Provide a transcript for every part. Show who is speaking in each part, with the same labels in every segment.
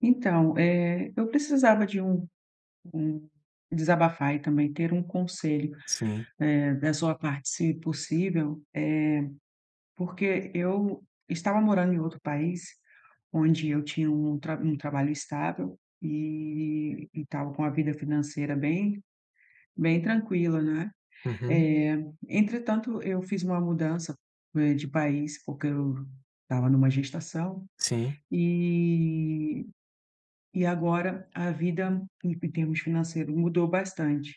Speaker 1: Então, eh, eu precisava de um um desabafar e também ter conselho,
Speaker 2: Sim.
Speaker 1: eh, da sua parte se possível, eh, porque eu estava morando em outro país onde eu tinha um traba um trabalho estável e e estava com a vida financeira bem bem tranquila, né,
Speaker 2: Uhum.
Speaker 1: eh, entretanto eu fiz uma mudança, né, de país porque eu estava numa gestação
Speaker 2: Sim.
Speaker 1: e e agora a vida em em termos financeiro mudou bastante,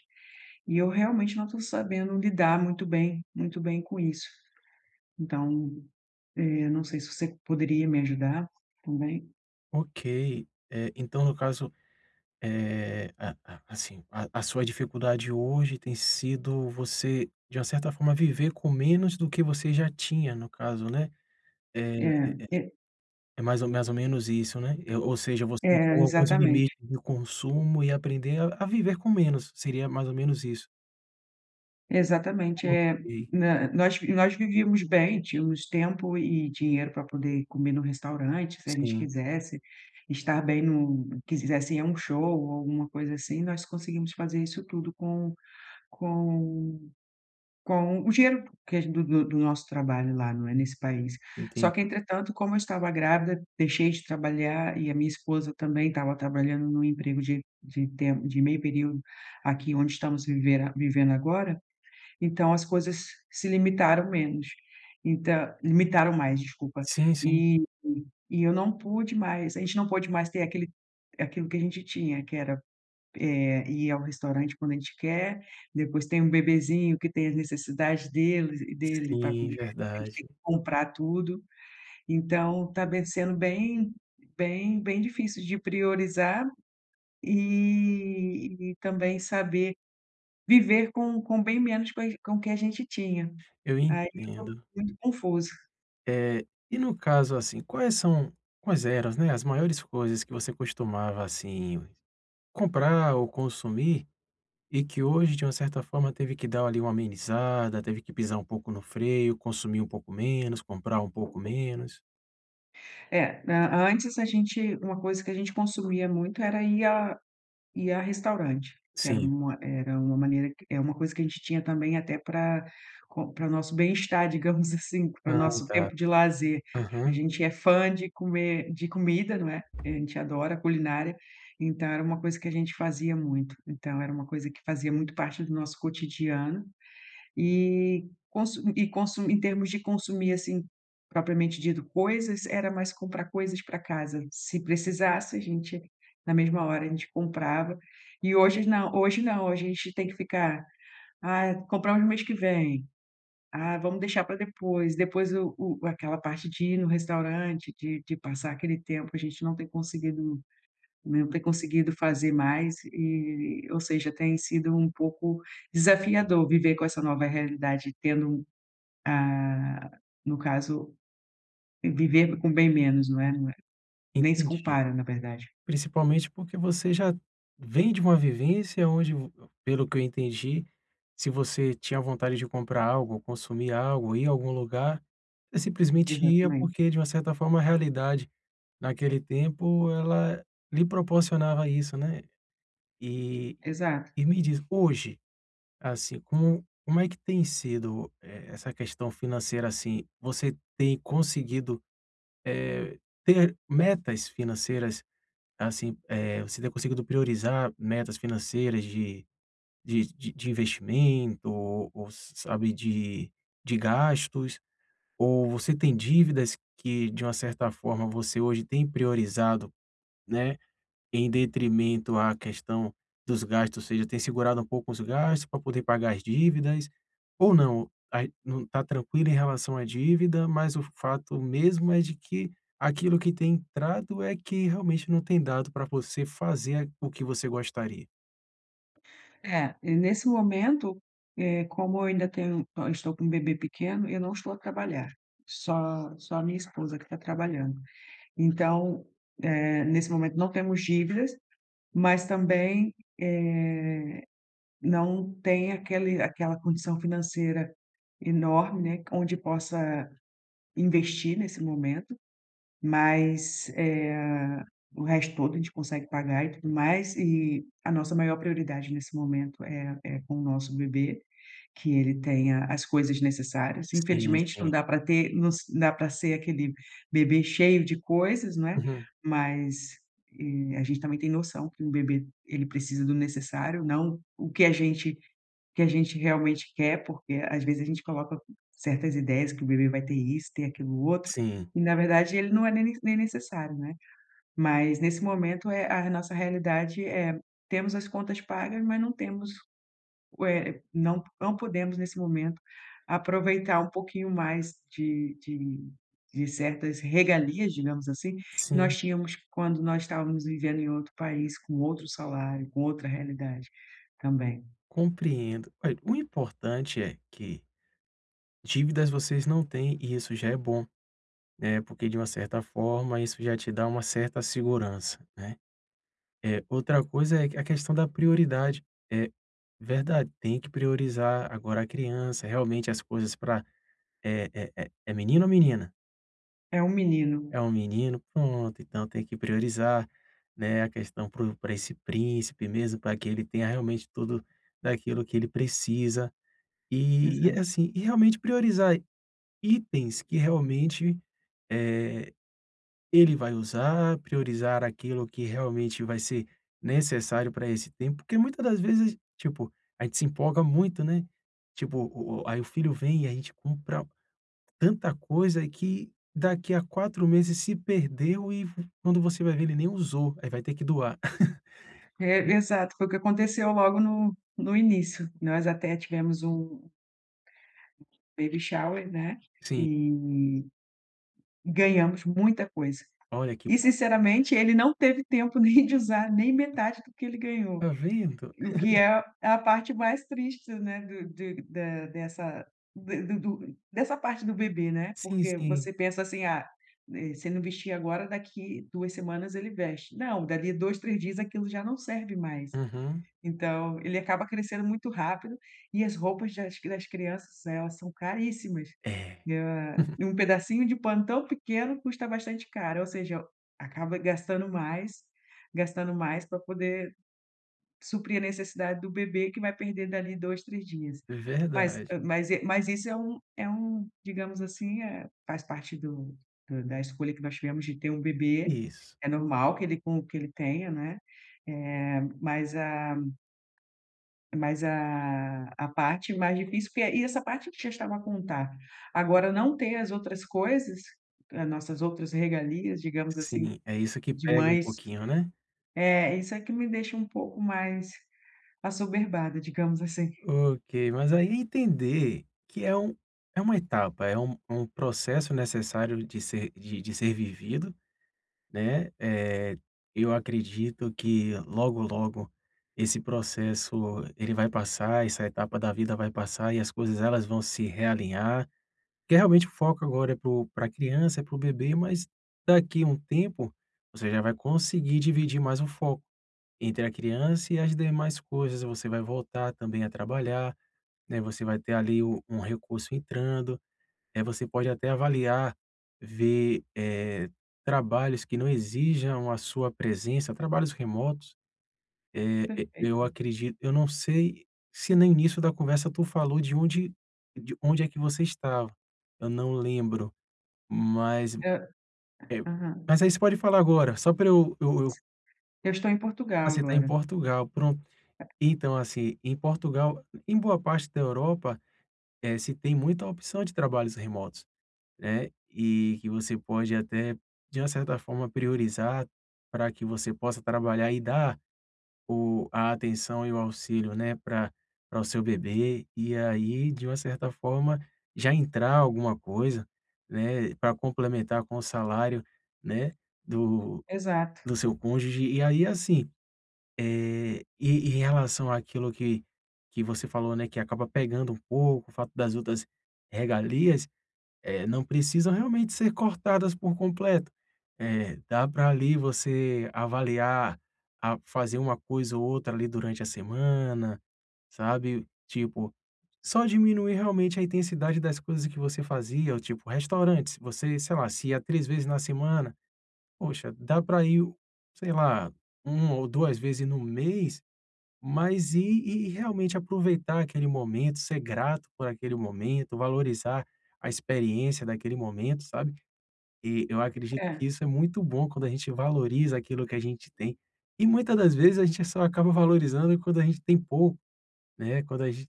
Speaker 1: e eu realmente não tô sabendo lidar muito bem muito bem com isso, então eu não sei se você poderia me ajudar também.
Speaker 2: Ok, eh, então no caso, eh, a a assim a a sua dificuldade hoje tem sido você de uma certa forma viver com menos do que você já tinha no caso, né? Eh
Speaker 1: É
Speaker 2: eh eh.
Speaker 1: é.
Speaker 2: É mais ou mais ou menos isso, né. Ou seja, você
Speaker 1: Eh,
Speaker 2: impor alguns limites
Speaker 1: exatamente.
Speaker 2: do consumo, e aprender a a viver com menos, seria mais ou menos isso.
Speaker 1: Exatamente. Eh,
Speaker 2: Copiei.
Speaker 1: hã, nós nós vivíamos bem, tínhamos tempo e e dinheiro pra poder comer no restaurante se a gente
Speaker 2: Sim.
Speaker 1: quisesse, estar bem no quisesse ir a show ou alguma coisa assim nós conseguimos fazer isso tudo com com com o dinheiro que é gen do do do nosso trabalho lá, não é, nesse país. Só que
Speaker 2: Entendi.
Speaker 1: entretanto, como eu estava grávida, deixei de trabalhar e a minha esposa também estava trabalhando num emprego de de temp de meio período aqui onde estamos vivera vivendo agora, então as coisas se limitaram menos, então limitaram mais, desculpa.
Speaker 2: Sim, sim.
Speaker 1: Eh, e eu não pude mais, a gente não pôde mais ter aquele aquilo que a gente tinha que era, eh, ir ao restaurante quando a gente quer, depois tem um bebezinho que tem a necessidade deles e dele pra
Speaker 2: Sim,
Speaker 1: comer, a gente tem
Speaker 2: verdade.
Speaker 1: que comprar tudo, então tá bem sendo bem bem bem difícil de priorizar, eh, e também saber viver com com bem menos com as com o que a gente tinha,
Speaker 2: Eu
Speaker 1: aí eu estou
Speaker 2: entendo.
Speaker 1: muito confusa.
Speaker 2: Eh, e no caso assim quais são quais eram, né, as maiores coisas que você costumava, assim, comprar ou consumir, e que hoje de uma certa forma teve que dar ali uma amenizada, teve que pisar um pouco no freio, consumir um pouco menos, comprar um pouco menos.
Speaker 1: Eh, an antes a gente uma coisa que a gente consumia muito era ir a ir a restaurante que era
Speaker 2: Sim.
Speaker 1: uma, eh, era uma maneira que é uma coisa que a gente tinha também até para com para o nosso bem estar, digamos assim, para o
Speaker 2: Ai,
Speaker 1: nosso
Speaker 2: tá,
Speaker 1: tempo de lazer. A
Speaker 2: aham.
Speaker 1: gente é fã de comer de comida, não é, a gente adora culinária, então era uma coisa que a gente fazia muito. Então era uma coisa que fazia muito parte do nosso cotidiano, eh, consu e consu em termos de consumir assim, propriamente dito, coisas era mais comprar coisas para casa se precisasse a gente na mesma hora a gente comprava, e hojes não hoje não, hoje a gente tem que ficar: "Ah, compramos mês que vem.". "Ah, vamos deixar pra depois.". Depois o o aquela parte de ir no restaurante de de passar aquele tempo, a gente não ter conseguido, né, não tem conseguido fazer mais, eh, ou seja, tem sido um pouco desafiador viver com essa nova realidade tendo, ah, no caso, vivendo com bem menos, não é não é, nem se
Speaker 2: Entendi,
Speaker 1: compara, na verdade.
Speaker 2: principalmente porque você já vem de uma vivência onde vo pelo que eu entendi, se você tinha vontade de comprar algo ou consumir algo ou ir em algum lugar, você simplesmente ia
Speaker 1: Exatamente.
Speaker 2: porque de uma certa forma a realidade naquele tempo ela lhe proporcionava isso, né? Eh,
Speaker 1: Exato.
Speaker 2: e me diz, hoje, assim, como como é que tem sido, eh, essa questão financeira, assim? Você tem conseguido, eh ter metas financeiras, assim, eh, você ter conseguido priorizar metas financeiras de de de investimento ou ou ou s sabe de de gastos, ou você tem dívidas que de uma certa forma você hoje tem priorizado, né, em detrimento à questão dos gastos, ou seja, tem segurado pouco os gastos pra poder pagar as dívidas, ou não, aí não está tranquilo em relação à dívida, mas o f fato mesmo é de que aquilo que tem entrado é que realmente não tem dado pra você fazer aqu o que você gostaria?
Speaker 1: É, e nesse momento, eh, como eu ainda tenho eu estou com bebê pequeno, eu não estou a trabalhar, só só a minha esposa que está trabalhando. Então, eh, nesse momento não temos dívidas, mas também, eh, não tem aquele aquela condição financeira enorme, onde possa investir nesse momento, mas, eh, o resto todo a gente consegue pagar e tudo mais, e a nossa maior prioridade nesse momento é é com o nosso bebê, que ele tenha as coisas necessárias.
Speaker 2: Sim,
Speaker 1: Infelizmente não
Speaker 2: sim.
Speaker 1: dá pra ter nos dá pra ser aquele bebê cheio de coisas, não é,
Speaker 2: Uhum.
Speaker 1: mas, eh, a gente também tem noção que um bebê ele precisa do necessário, não o que a gente o que a gente realmente quer porque às vezes a gente coloca certas ideias que o bebê vai ter isso, ter aquilo outro,
Speaker 2: Sim.
Speaker 1: e na verdade ele não é ne nem necessário, né? Mas nesse momento é, a re nossa realidade é: temos as contas pagas mas não temos ué, não po não podemos nesse momento aproveitar um pouquinho mais de de de certas regalias, digamos assim, que
Speaker 2: Sim.
Speaker 1: nós tínhamos quando nós estávamos vivendo em outro país com outro salário, com outra realidade, também.
Speaker 2: Compreendo, a, eh, o importante é que: dívidas vocês não têm e isso já é bom, né, porque de uma certa forma isso já te dá uma certa segurança, né? Eh, outra coisa é a questão da prioridade. É verdade. Tem que priorizar agora a criança, realmente as coisas pra é é é menino ou menina?
Speaker 1: É um menino.
Speaker 2: É um menino. Pronto. Então tem que priorizar, né? A questão pro pra esse príncipe mesmo pra que ele tenha realmente tudo daquilo que ele precisa, eh, e é
Speaker 1: Exato.
Speaker 2: assim, e realmente priorizar i itens que realmente, eh, ele vai usar, priorizar aquilo que realmente vai ser necessário pra esse tempo, porque muita das vezes, tipo, a gente se empolga muito, né? Tipo o o aí o filho vem e a gente compra tanta coisa que daqui a 4 meses se perdeu e vi quando você vai ver ele nem usou, aí vai ter que doar.
Speaker 1: É, exato. Foi o que aconteceu logo no no início. Nós até tivemos um baby shower, né,
Speaker 2: Sim.
Speaker 1: e ganhamos muita coisa
Speaker 2: Olha que
Speaker 1: e
Speaker 2: bom.
Speaker 1: sinceramente ele não teve tempo nem de usar nem metade do que ele ganhou,
Speaker 2: Está vendo.
Speaker 1: o que é a parte mais triste, né, do de da dessa de do do dessa parte do bebê, né,
Speaker 2: Sim,
Speaker 1: porque
Speaker 2: sim.
Speaker 1: você pensa assim: "Ah você não vestia agora daqui 2 semanas ele veste.". Não dali 2, 3 dias aquilo já não serve mais.
Speaker 2: Uhum.
Speaker 1: Então ele acaba crescendo muito rápido e as roupas das das crianças, elas são caríssimas.
Speaker 2: Eh,
Speaker 1: Ah,
Speaker 2: uhum.
Speaker 1: e um pedacinho de pano tão pequeno custa bastante caro ou seja, acaba gastando mais, gastando mais pra poder suprir a necessidade do bebê que vai perder dali 2, 3 dias.
Speaker 2: É
Speaker 1: Mas,
Speaker 2: verdade.
Speaker 1: eh, mas e mas esse é um é um digamos assim, eh faz parte do do da escolha que nós tivemos de ter um bebê.
Speaker 2: Isso.
Speaker 1: É normal que ele com o que ele tenha, né, eh, mas, ah, mas, ah, a parte mais difícil porque e essa parte que já estava a contar agora não ter as outras coisas, as nossas outras regalias digamos assim,
Speaker 2: Sim, é isso que
Speaker 1: de
Speaker 2: pega um
Speaker 1: mães,
Speaker 2: pouquinho né?
Speaker 1: eh, isso é que me deixa pouco mais assoberbada, digamos assim.
Speaker 2: Ok, mas aí entender que é um que é uma etapa é um processo necessário de ser de de ser vivido, né? Eh, eu acredito que logo, logo esse processo, ele vai passar, essa etapa da vida vai passar e as coisas elas vão se realinhar, porque realmente o foco agora é pro pra criança e para o bebê, mas daqui há um tempo você já vai conseguir dividir mais foco entre a criança e as demais coisas. Você vai voltar também a trabalhar, né, você vai ter ali u um recurso entrando, eh, você pode até avaliar, ver, eh, trabalhos que não exijam a sua presença, trabalhos remotos. Eh, e eu
Speaker 1: Perfeito.
Speaker 2: acredito eu não sei se no início da conversa tu falou de onde de onde é que você estava, eu não lembro, mas,
Speaker 1: Hã,
Speaker 2: eh,
Speaker 1: aham.
Speaker 2: mas aí você pode falar agora, só pra eu eu eu
Speaker 1: Eu estou em
Speaker 2: Ah
Speaker 1: Portugal
Speaker 2: você está em
Speaker 1: agora.
Speaker 2: Portugal, pronto, então assim, em Portugal, em boa parte da Europa, eh, se tem muita opção de trabalhos remotos, né, eh que você pode até, de uma certa forma priorizar pra que você possa trabalhar e dar o a atenção e o auxílio, né, pra pra o seu bebê e aí de uma certa forma já entrar alguma coisa, né, pra complementar com o salário, né, do
Speaker 1: Exato.
Speaker 2: do seu cônjuge e aí assim, eh, e em relação àquilo que que você falou, né, que acaba pegando um pouco, o fato das outras regalias, eh, não precisam realmente ser cortadas por completo. Eh, dá pra ali você avaliar, a fazer uma coisa ou outra ali durante a semana, sabe? Tipo, só diminuir realmente a intensidade das coisas que você fazia, ou tipo, restaurantes: você, sei lá, se ia 3 vezes na semana, poxa, dá pra ir o sei lá, 1 ou 2 vezes no mês, mas e e realmente aproveitar aquele momento, ser grato por aquele momento, valorizar a experiência daquele momento, sabe? E eu acredito que
Speaker 1: É.
Speaker 2: isso é muito bom quando a gente valoriza aquilo que a gente tem, e muita das vezes a gente só acaba valorizando quando a gente tem pouco, né, Quando a gen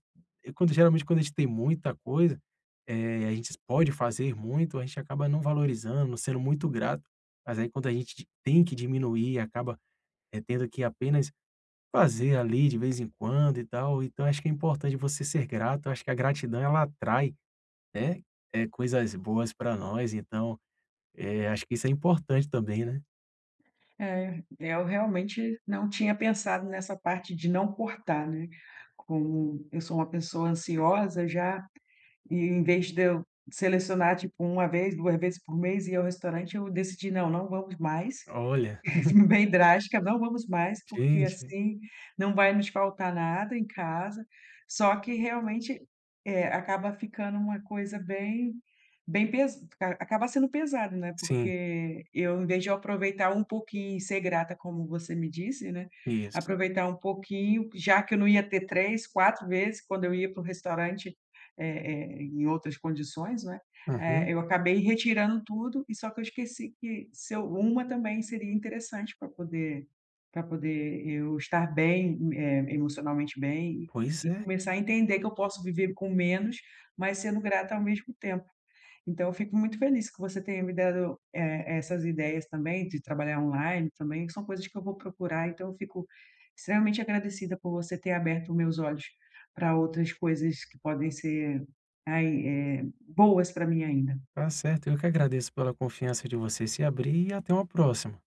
Speaker 2: quando geralmente quando a gente tem muita coisa, eh, a gente pode fazer muito, a gente acaba não valorizando, não sendo muito grato, mas aí quando a gente tem que diminuir acaba tendo que apenas fazer ali de vez em quando e tal então acho que é importante você ser grato, eu acho que a gratidão ela atrai, né, eh, coisas boas pra nós então, eh, acho que isso é importante também, né.
Speaker 1: É, eu realmente não tinha pensado nessa parte de não cortar, né, como eu sou uma pessoa ansiosa já, e em vez de eu selecionar tipo 1 vezes, 2 vezes por mês e ir ao restaurante, eu decidi não, não vamos mais,
Speaker 2: Olha.
Speaker 1: bem drástica, não vamos mais, porque
Speaker 2: Gente.
Speaker 1: assim não vai nos faltar nada em casa, só que realmente, eh, acaba ficando uma coisa bem bem pes acaba sendo pesado, né,
Speaker 2: Sim.
Speaker 1: porque eu em vez de eu aproveitar um pouquinho. Ser grata como você me disse, né,
Speaker 2: Isso.
Speaker 1: aproveitar um pouquinho já que eu não ia ter 3, 4 vezes quando eu ia para o restaurante, eh eh, em outras condições, né,
Speaker 2: Uhum.
Speaker 1: eh, eu acabei retirando tudo, e só que eu esqueci que se eu, uma também seria interessante pra poder pra poder eu estar bem, eh, emocionalmente bem e
Speaker 2: Pois
Speaker 1: e
Speaker 2: é.
Speaker 1: começar a entender que eu posso viver com menos, mas sendo grata ao mesmo tempo. Então eu fico muito feliz que você tenha me dado, eh eh, essas ideias também de trabalhar online também, que são coisas que eu vou procurar, então eu fico extremamente agradecida por você ter aberto meus olhos pra outras coisas que podem ser, ai, eh, boas pra mim ainda.
Speaker 2: Está certo, eu que agradeço pela confiança de você se abrir, e até uma próxima.